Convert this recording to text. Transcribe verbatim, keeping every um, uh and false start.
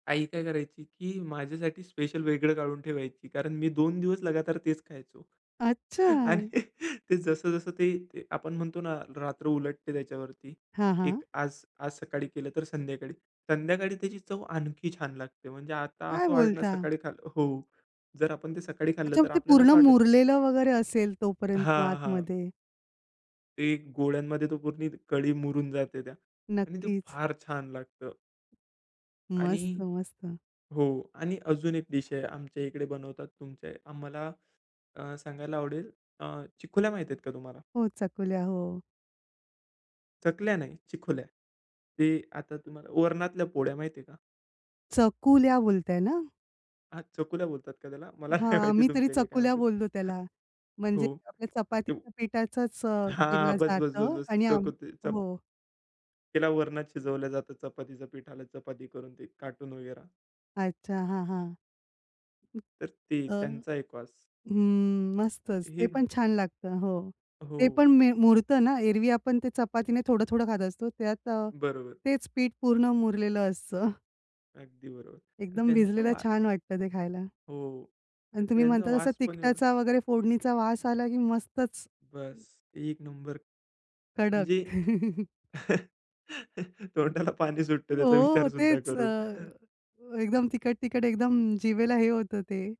आई काय करायची, की माझ्यासाठी स्पेशल वेगळं काढून ठेवायची. कारण मी दोन दिवस लगातार तेच खायचो. अच्छा. आणि ते जसं, जसं ते ते आपण म्हणतो ना, रात्र उलटते त्याच्यावरती हां, हां. एक आज, आज सकाळी केलं तर संध्याकाळी. संध्याकाळी त्याची चव आणखी छान लागते. म्हणजे आता काय असं वाटणं बोलता? सकाळी खाल्लं हो, जर आपण ते सकाळी खाल्लं अच्छा. तर ते आपल्याला पूर्ण असं वाटेल मुरलेलं वगैरे असेल तोपर्यंत मग हां, हां. आतमध्ये. ते गोळ्यांमध्ये तो पूर्ण कढी मुरून जाते त्या आणि ते नक्कीच. फार छान लागतं. आणि मस्त, मस्त. हो आणि अजून एक डीश आहे आमच्या इकडे बनवतात. तुमचे आम्हाला अ, सांगायला आवडेल, अ, चिकोल्या माहिती आहेत का तुम्हाला? हो, चकुल्या, हो. चकल्या नाही चिकोल्या. ते आता तुम्हाला वरणातल्या पोळ्या माहिती आहे का? चकुल्या बोलताय ना? हां, चकुल्या बोलतात का त्याला? मला काय हां, माहिती आम्ही तरी तुमच्या इकडे काय चकुल्या म्हणतात? बोलतो त्याला. म्हणजे हो, आपल्या ते चपातीच्या पिठाचचं अ, हां. केला बस, बस, बस, जातं बस. आणि आम चको ते चप हो. तिला वरणात शिजवलं जातं चपातीच्या पिठाला चपाती करून ते काटून वगैरा. अच्छा हां, हां. तर ते, अ, त्यांचा एक वास. हं. मस्तच ते ही पण छान लागतं. हो, ते हो. पण मे मुरतं ना? एरवी आपण ते चपातीने थोडं-थोडं खात असतो त्यात अ, बरोबर. तेच पीठ पूर्ण मुरलेलं असतं. अगदी बरोबर अन् एकदम त्यांचं भिजलेलं वा छान वाटतं ते खायला. हो. अन् तुम्ही त्यांचा म्हणता तसा वास पण एवढा तिकटाचा वगैरे फोडणीचा वास आला की मस्तच, हं. बस एक नंबर, कडक. म्हणजे तोंडाला पाणी सुटतं त्याचा हो, विचार सुद्धा तेच करून. अ, एकदम तिकट, तिकट एकदम जिभेला हे होतं ते.